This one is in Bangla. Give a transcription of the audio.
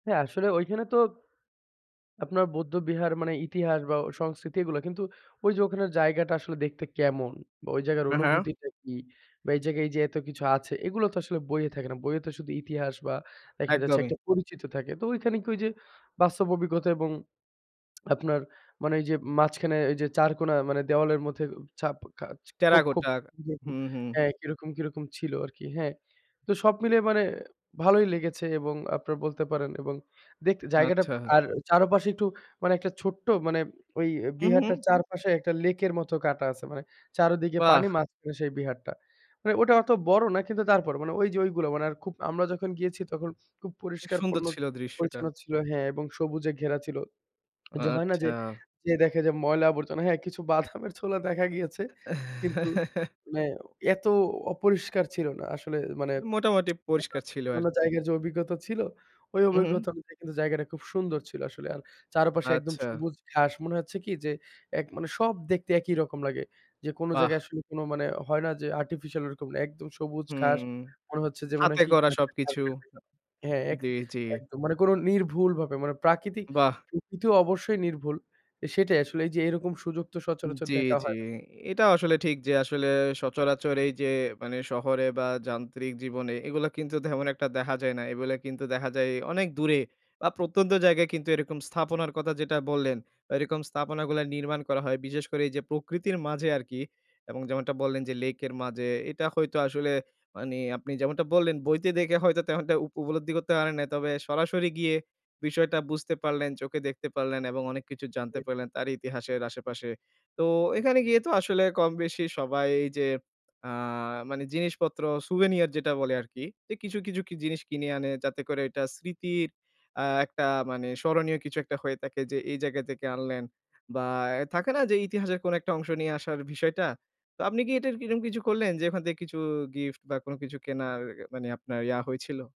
হ্যা, আসলে ওইখানে তো আপনার বৌদ্ধবিহার মানে ইতিহাস বা সংস্কৃতি এগুলো, কিন্তু ঐযে ওখানের জায়গাটা আসলে দেখতে কেমন বা ওই জায়গার হা, হ্যা। অনুভূতিটা কি? বা এই জায়গায় এইযে এত কিছু আছে, এগুলো তো আসলে বইয়ে থাকে না। বইয়ে তো শুধু ইতিহাস বা দেখা যাচ্ছে একদমই। একটা পরিচিত থাকে। তো ঐখান কি ওইযে, বাস্তব অভিজ্ঞতা এবং আপনার মানে ওইযে মাঝখানে এইযে চারকোনা মানে দেওয়ালের মধ্যে উ ছা্‌প খাচ খোপ, খোপ টেরাকোটা। হু, হু। হ্যা, কিরকম, কিরকম ছিল আরকি, হ্যা। তো সব মিলিয়ে মানে ভালোই লেগেছে এবং আপনার বলতে পারেন এবং দেখতে, জায়গাটা, আচ্ছা। আর চারপাশে একটু মানে একটা ছোট্ট মানে, ঐ এ হুম, হুম। বিহারটার চারপাশে একটা লেকের মতো কাঁটা আছে, মানে চারদিকে পানি, বাহ্! মাঝখানে সেই বিহারটা। মানে ওটা অত বড় না কিন্তু, তারপরও মানে ঐযে ঐগুলো মানে আর খুব, আমরা যখন গিয়েছি তখন খুব পরিষ্কার সুন্দর পণ্য ছিল দৃশ্যটা। পরিচ্ছন্ন ছিল। হ্যা, এবং সবুজে ঘেরা ছিল। ও! যে হয় না? যে, আচ্ছা। যেয়ে দেখে যে ময়লা আবর্জনা হ্যা, কিছু বাদামের ছোলা দেখা গিয়েছে। কিন্তু মানে এত অপরিষ্কার ছিল না। আসলে মানে মোটামুটি অন্য পরিষ্কার ছিল অন্যান্য আরকি। জায়গার যে অভিজ্ঞতা ছিল, ওই হুম, হুম। অভিজ্ঞতা অনুযায়ী, জায়গাটা খুব সুন্দর ছিল আসলে। আর চারপাশে একদম আচ্ছা। সবুজ ঘাস। মনে হচ্ছে কি? যে, এক মানে সব দেখতে একই রকম লাগে। যে কোনো জায়গায় বাহ্! আসলে মানে, হয় না যে, আর্টিফিশিয়াল ওরকম না, একদম সবুজ ঘাস। হুম। মনে হচ্ছে যে, মনে হাতে হয় কি? করা সব কিছু। [unintelligible] হ্যা, এক জ্বি, জ্বি। স একদম। মানে কোনো নির্ভুল ভাবে, মানে প্রাকৃতিক, বাহ্! প্রকৃতি অবশ্যই নির্ভুল। সেটাই আসলে এইযে এরকম সুযোগ তো সচরাচর জ্বি, দেখা জ্বি। হয় না এটাও আসলে ঠিক যে, আসলে সচরাচর এইযে মানে, শহরে বা যান্ত্রিক জীবনে, এগুলা কিন্তু তেমন একটা দেখা যায় না। এগুলো কিন্তু দেখা যায় অনেক দূরে বা প্রত্যন্ত জায়গায় কিন্তু এরকম স্থাপনার কথা যেটা বললেন, এরকম স্থাপন গুলা নির্মাণ করা হয়। বিশেষ করে এইযে প্রকৃতির মাঝে আরকি এবং যেমনটা বললেন যে, লেকের মাঝে, এটা হয়তো আসলে মানে আপনি যেমনটা বললেন, বইতে দেখে হয়তো তেমনটা উপ উপলব্ধি করতে পারেন নাই। তবে সরাসরি গিয়ে বিষয়টা বুঝতে পারলেন, চোখে দেখতে পারলেন এবং অনেক কিছু জানতে ই পারলেন, তার ইতিহাসের আশেপাশে। তো এখানে গিয়ে তো আসলে কম-বেশি সবাই যে, আ মানে জিনিসপত্র, স্যুভেনিয়ার যেটা বলে আরকি। যে কিছু, কিছু কি জিনিস কিনে আনে, যাতে করে এটা স্মৃতির আ একটা মানে স্মরণীয় কিছু একটা হয়ে থাকে যে, এই জায়গা থেকে আনলেন বা এ থাকে না? যে, ইতিহাসের কোনো একটা অংশ নিয়ে আসার বিষয়টা? তো আপনি কি এটার কি, এরম কিছু করলেন যে, ওখান থেকে কিছু গিফট বা কোনো কিছু কেনার মানে আপনার ইয়া হয়েছিল?